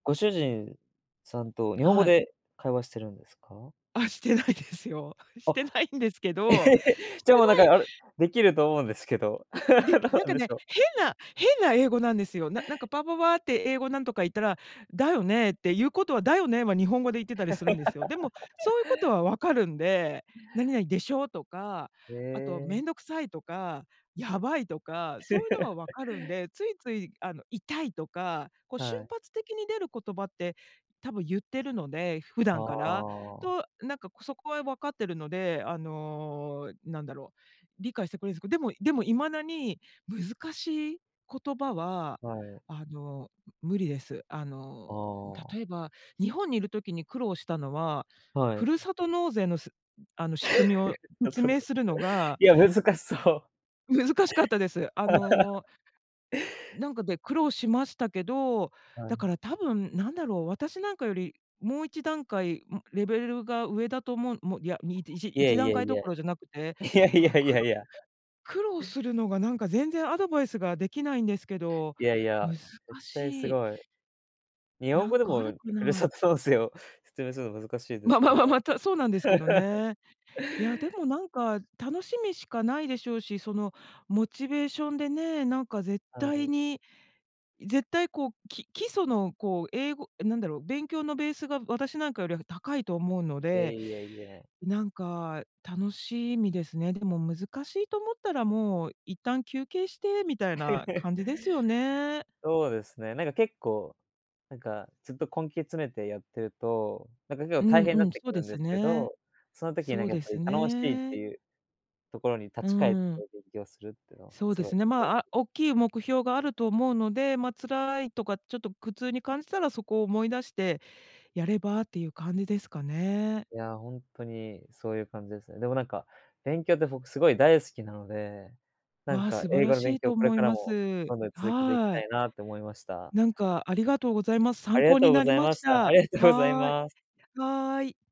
ご主人さんと日本語はい。で会話してるんですか？あっ、してないですよ。しあっ、てないんですけど、しじてゃあ、もう、なんか、ないあれ、できると思うんですけど。で、どうなんなんか、でね、しょう。変な変な英語なんですよ。ななんか、パパパって英語なんとか言ったら、「だよね」っていうことは、「だよね」は日本語で言ってたりするんですよ。でも、そういうこと は分かるんで「何々でしょう」とか、へあとえ。「めんどくさい」とか「やばい」とか、そういうのは分 かるんで、ついつい、あの、「痛い」とか、こう、瞬はい。発的に出る言葉って、多分言ってるので。普あ段から。あ。と、なんか、そこは分かってるので、あの、なんだろう。理解してくれるんすでもでも、未だに難しい言葉は、はい。あの、無理です。ああの、あ。例えば、日本にいる時に苦労したのは、はふい。るさと納税のすあの、い仕組みをや、説ちょっと。明するのがいや、難しそう。難しかったです。あの なんか、で、苦労しましたけど、はだかい。ら、多分なんだろう、私、なんかより、もう、1段階、うレベルが上だと思う、もう、いや、みいちいえ一い段え階いどこえ。ろじゃなくて、いやいだから、やい苦やい労や。苦労するのが、なんか、全然アドバイスができないんですけど、いやいや、難絶対すしい。ごい。日本な語んでか、あもるかふるな？さと納税を説明するの難しいですままから。ま、た、そうなんですけど ね。いや、でも、なんか、楽しみしかないでしょうし、そのモチベーションでね、なんか、絶は対い。に、絶対、こう、き基礎の、こう、英語え、なんだろう、勉強のベースが、私なんかよりは高いと思うのいや、で、いや、いや。なんか、楽しみですね。でも、難しいと思ったら、もう、一旦休憩してみたいな 感じですよね。そうですね、なんか、結構、なんか、ずっと根気詰めてやってると、なんか、結構うん、大変にうなっん、てそうくるでんすですけね。ど、その時に、なそんうか、やっでぱすり楽しいってね。いうところに立うーち返ってん。勉強するっていうのはそうすでごいすね、ま、あ、大 [unintelligible] きい目標があると思うので、ま、辛いとかちょっと苦痛に感じたらそこを思い出してやればっていう感じですかね。いや、ほんとにそういう感じですね。でも、なんか、勉強って僕すごい大好きなので、なんわ、か、素晴英ら語のし勉い強をとこれ思かいらまもす。どんどん続けていきはたい。いなと思いました。なんか、ありがとうございます。あ参りが考とにうごなりざいまましした。あた。りがとうございはい。ます。はい。